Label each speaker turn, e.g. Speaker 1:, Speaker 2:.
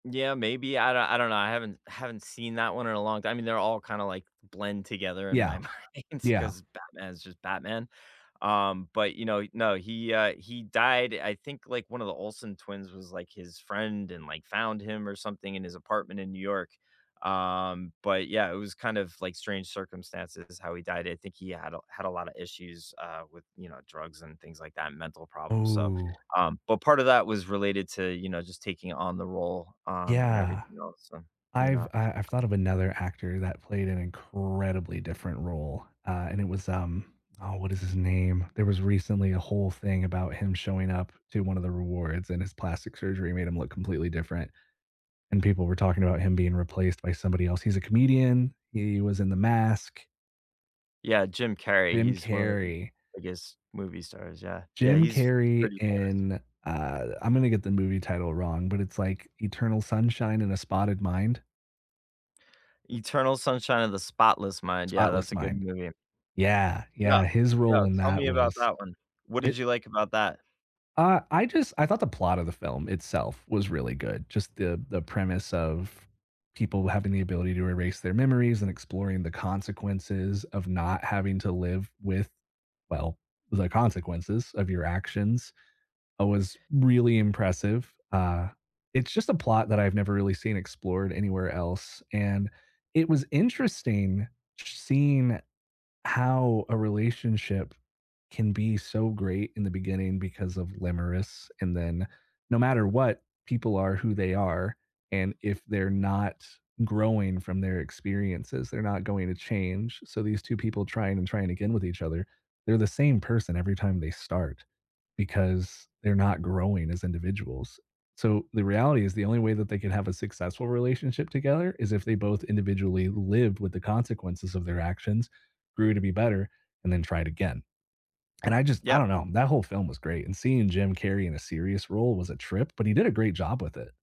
Speaker 1: Yeah, maybe, I don't I don't know, I haven't haven't seen that one in a long time. I mean, they're all kinda, like, blend together in my
Speaker 2: Yeah.
Speaker 1: mind
Speaker 2: Yeah.
Speaker 1: 'cause Batman is just Batman. Um, but, you know no, he, uh, he died I think, like, one of the Olsen twins was, like, his friend and, like, found him or something in his apartment in New York, um, but yeah, it was kind of, like, strange circumstances how he died, I think he had a had a lotta issues, uh, with, you know, drugs and things like that, mental problems, so,
Speaker 2: Ooh.
Speaker 1: um, but part of that was related to, you know, just taking on the role, um, and
Speaker 2: Yeah.
Speaker 1: everything else, so, you
Speaker 2: I've
Speaker 1: know?
Speaker 2: I I've thought of another actor that played an incredibly different role, uh, and it was, um oh, what is his name? There was recently a whole thing about him showing up to one of the rewards and his plastic surgery made him look completely different and people were talking about him being replaced by somebody else. He's a comedian. He was in The Mask.
Speaker 1: Yeah, Jim Carrey.
Speaker 2: Jim
Speaker 1: He's one of the,
Speaker 2: Carrey.
Speaker 1: I guess, movie stars, yeah. Yeah,
Speaker 2: Jim
Speaker 1: he's he's
Speaker 2: Carrey
Speaker 1: pretty famous.
Speaker 2: in uh, I'm gonna get the movie title wrong, but it's like Eternal Sunshine in a Spotted Mind.
Speaker 1: Eternal Sunshine of the Spotless Mind, yeah, that's
Speaker 2: Spotless
Speaker 1: a good
Speaker 2: Mind.
Speaker 1: movie.
Speaker 2: Yeah,
Speaker 1: Yeah,
Speaker 2: yeah. His
Speaker 1: yeah.
Speaker 2: role in
Speaker 1: Tell
Speaker 2: that
Speaker 1: me about
Speaker 2: was
Speaker 1: that one. What did
Speaker 2: it
Speaker 1: you like about that?
Speaker 2: Uh, I just I thought the plot of the film itself was really good. Just the the premise of people having the ability to erase their memories and exploring the consequences of not having to live with well, with the consequences of your actions, oh, was really impressive. Uh, it's just a plot that I've never really seen explored anywhere else and it was interesting sh seeing how a relationship can be so great in the beginning because of limerence and then no matter what, people are who they are and if they're not growing from their experiences, they're not going to change, so these 2 people trying and trying again with each other, they're the same person every time they start because they're not growing as individuals. So, the reality is the only way that they can have a successful relationship together is if they both individually lived with the consequences of their actions, grew to be better, and then tried again. And I just I
Speaker 1: Yep.
Speaker 2: don't know, that whole film was great and seeing Jim Carrey in a serious role was a trip, but he did a great job with it.